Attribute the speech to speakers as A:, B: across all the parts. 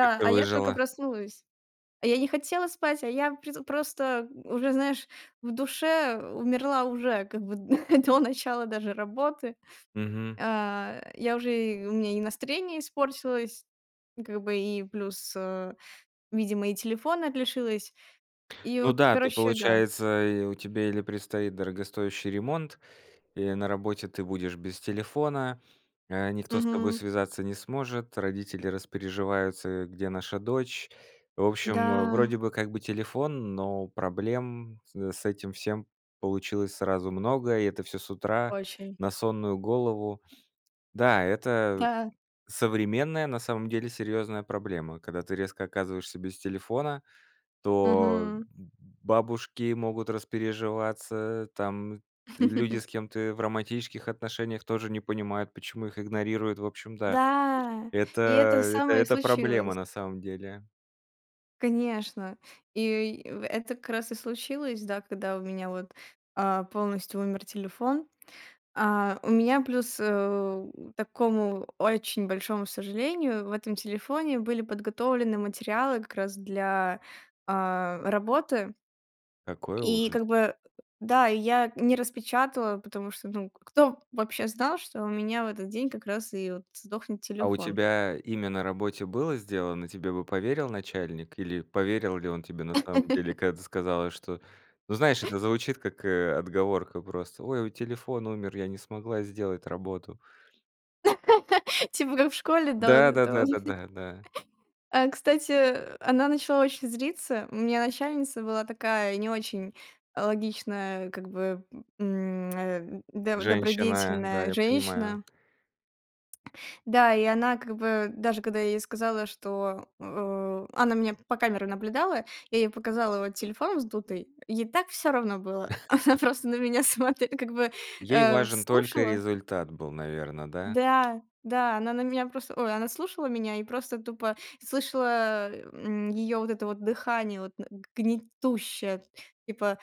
A: Как ты
B: а я тока
A: выжила?
B: проснулась. А я не хотела спать, а я преду просто уже, знаешь, в душе умерла уже как бы д до начала даже работы.
A: Мгм.
B: А, я уже и у меня и настроение испортилось. И как бы и плюс, э, видимо и телефона т лишилась. И
A: Ну
B: от
A: да, ты
B: короче, да.
A: получается, и у тебя или предстоит дорогостоящий ремонт, или на работе ты будешь без телефона. Э, никто с тобой
B: Мгм.
A: связаться не сможет, родители распереживаются: э, где наша дочь? В общем, э, вроде
B: Да.
A: бы как бы телефон, но проблем с с этим всем получилось сразу много, и это всё с утра
B: Очень.
A: на сонную голову. Да, это
B: Да.
A: современная, на самом деле, серьёзная проблема. Когда ты резко оказываешься без телефона, то
B: Мгм.
A: б б бабушки могут распереживаться, там люди с кем ты в романтических отношениях тоже не понимают, почему их игнорируют. В общем, да,
B: Да,
A: это
B: и это
A: это
B: самое
A: это проблема,
B: случилось.
A: на самом деле.
B: Конечно, и в это как раз и случилось, да, когда у меня вот, а, полностью умер телефон. А, у меня плюс, э, такому очень большому сожалению в этом телефоне были подготовлены материалы как раз для, а, работы.
A: Какой
B: И
A: ужас.
B: как бы, да, и я не распечатала, потому что ну кто вообще знал, что у меня в этот день как раз и вот сдохнет
A: А у
B: телефон?
A: тебя имя на работе было сделано? Тебе бы поверил начальник? Или поверил ли он тебе на самом деле? Когда ты сказала, что: ну знаешь, это звучит как, э, отговорка просто. Ой, вот телефон умер, я не смогла сделать работу.
B: Типа как в школе, да,
A: Да,
B: вот
A: да,
B: это
A: да,
B: вот.
A: да, да, да.
B: А кстати, она начала очень злиться. У меня начальница была такая не очень, э, логичная, как бы, м, э, доб
A: Женщина, да,
B: добродетельная
A: я понимаю.
B: женщина. Да, и она как бы даже когда я ей сказала, что, э она меня по камерам наблюдала, я ей показала вот телефон вздутый, ей так всё равно было. Она просто на меня смотре как бы,
A: Ей
B: э, в
A: важен только
B: слушала
A: результат был, наверно, да?
B: Да, да, она на меня просто, ой, она слушала меня и просто тупо слышала, м, её вот это вот дыхание, вот на г гнетущее, типа: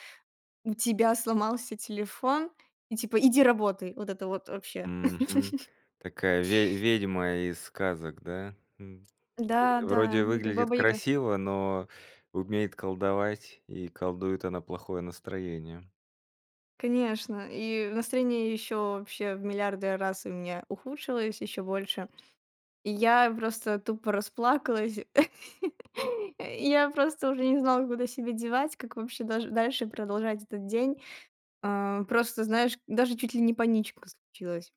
B: у тебя сломался телефон и типа иди работай. Вот это вот вообще.
A: Мгм. Такая ве ведьма из сказок, да, м? Э,
B: Да,
A: вроде и
B: да, как
A: выглядит
B: баба-яга.
A: красиво, но умеет колдовать. И колдует она плохое настроение.
B: Конечно, и настроение ещё вообще в миллиарды раз у меня ухудшилось ещё больше. И я просто тупо расплакалась. И я просто уже не знала, куда себя девать, как вообще даже дальше продолжать этот день. А, просто, знаешь, даже чуть ли не паничка случилась.